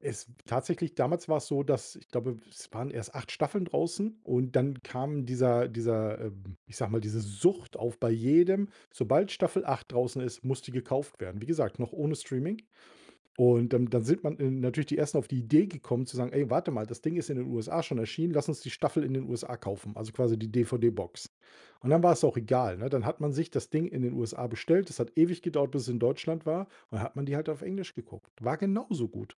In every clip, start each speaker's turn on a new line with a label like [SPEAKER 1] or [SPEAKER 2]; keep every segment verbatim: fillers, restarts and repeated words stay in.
[SPEAKER 1] Es w tatsächlich damals war's so, dass w ich glaube, es waren erst acht Staffeln draußen und dann kam dieser dieser, ähm ich sage mal, diese Sucht auf bei jedem: Sobald Staffel acht draußen ist, muss die gekauft werden. Wie gesagt, noch ohne Streaming, und dann dann sind man natürlich die ersten auf die Idee gekommen zu sagen: „Ey, warte mal, das Ding ist in den USA schon erschienen. Lass uns die Staffel in den USA kaufen", also quasi die DVD-Box. Und dann war's auch egal, ne? Dann hat man sich das Ding in den USA bestellt. Das hat ewig gedauert, bis es in Deutschland war und hat man die halt auf Englisch geguckt. War genauso gut.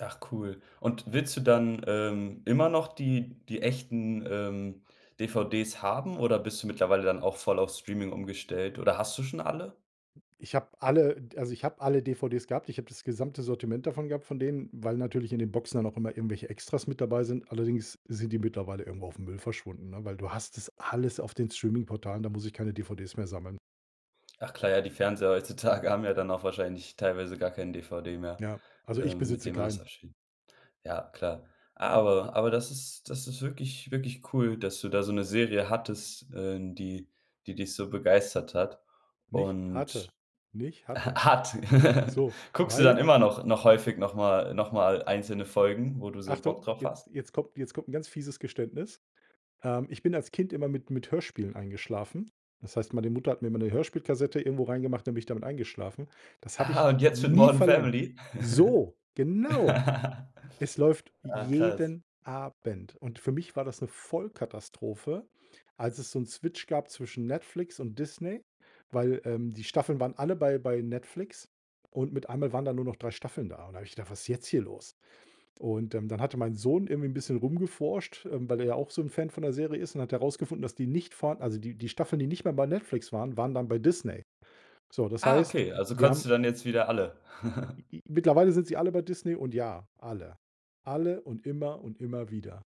[SPEAKER 2] Ach cool, und willst du dann, ähm, immer noch die die echten, ähm, DVDs haben oder bist du mittlerweile dann auch voll auf Streaming umgestellt oder hast du schon alle?
[SPEAKER 1] Ich habe alle, d also ich habe alle DVDs gehabt. Ich habe das gesamte Sortiment davon gehabt von denen, weil natürlich in den Boxen dann auch immer irgendwelche Extras mit dabei sind. Allerdings sind die mittlerweile irgendwo aufm Müll verschwunden, ne, weil du hast das alles auf den Streaming-Portalen, da muss ich keine DVDs mehr sammeln.
[SPEAKER 2] Ach klar, ja, die Fernseher heutzutage haben ja dann auch wahrscheinlich teilweise gar kein DVD mehr,
[SPEAKER 1] Ja, also ich
[SPEAKER 2] ähm, mit
[SPEAKER 1] besitze
[SPEAKER 2] dem man das
[SPEAKER 1] keinen.
[SPEAKER 2] abspielt. Ja, klar. Aber aber das ist das ist wirklich wirklich cool, dass du da so 'ne Serie hattest, äh, n die die dich so begeistert hat
[SPEAKER 1] Nicht hatte.
[SPEAKER 2] und
[SPEAKER 1] Nicht
[SPEAKER 2] ha
[SPEAKER 1] hatte.
[SPEAKER 2] hat.
[SPEAKER 1] So,
[SPEAKER 2] Guckst du dann
[SPEAKER 1] weil
[SPEAKER 2] immer noch noch
[SPEAKER 1] i
[SPEAKER 2] häufig noch mal noch mal einzelne Folgen, wo du so Bock
[SPEAKER 1] Achtung,
[SPEAKER 2] drauf
[SPEAKER 1] jetzt
[SPEAKER 2] hast?
[SPEAKER 1] jetzt kommt jetzt kommt 'n ganz fieses Geständnis. Ähm, ich bin als Kind immer mit mit Hörspielen eingeschlafen. Das heißt, meine Mutter hat mir immer 'ne Hörspielkassette irgendwo rein gemacht und dann bin ich damit eingeschlafen. Das habe
[SPEAKER 2] Ah,
[SPEAKER 1] ich
[SPEAKER 2] und jetzt mit
[SPEAKER 1] nie
[SPEAKER 2] Morden
[SPEAKER 1] verlernt.
[SPEAKER 2] Family?
[SPEAKER 1] So, genau. Es läuft
[SPEAKER 2] Ah, krass.
[SPEAKER 1] jeden Abend und für mich war das 'ne Vollkatastrophe, als es so 'n Switch gab zwischen Netflix und Disney, weil, ähm, die Staffeln waren alle bei bei Netflix und mit einmal waren da nur noch drei Staffeln da und da habe ich gedacht: „Was ist jetzt hier los?“ Und, ähm, dann hatte mein Sohn irgendwie 'n bisschen rumgeforscht, ähm, weil er ja auch so 'n Fan von der Serie ist und hat herausgefunden, dass die nicht vorhan also die die Staffeln, die nicht mehr bei Netflix waren, waren dann bei Disney. So, das
[SPEAKER 2] Ah,
[SPEAKER 1] heißt,
[SPEAKER 2] okay,
[SPEAKER 1] w
[SPEAKER 2] also
[SPEAKER 1] wir
[SPEAKER 2] kannst
[SPEAKER 1] haben
[SPEAKER 2] du dann jetzt wieder alle.
[SPEAKER 1] I i mittlerweile sind sie alle bei Disney und ja, alle. Alle und immer und immer wieder.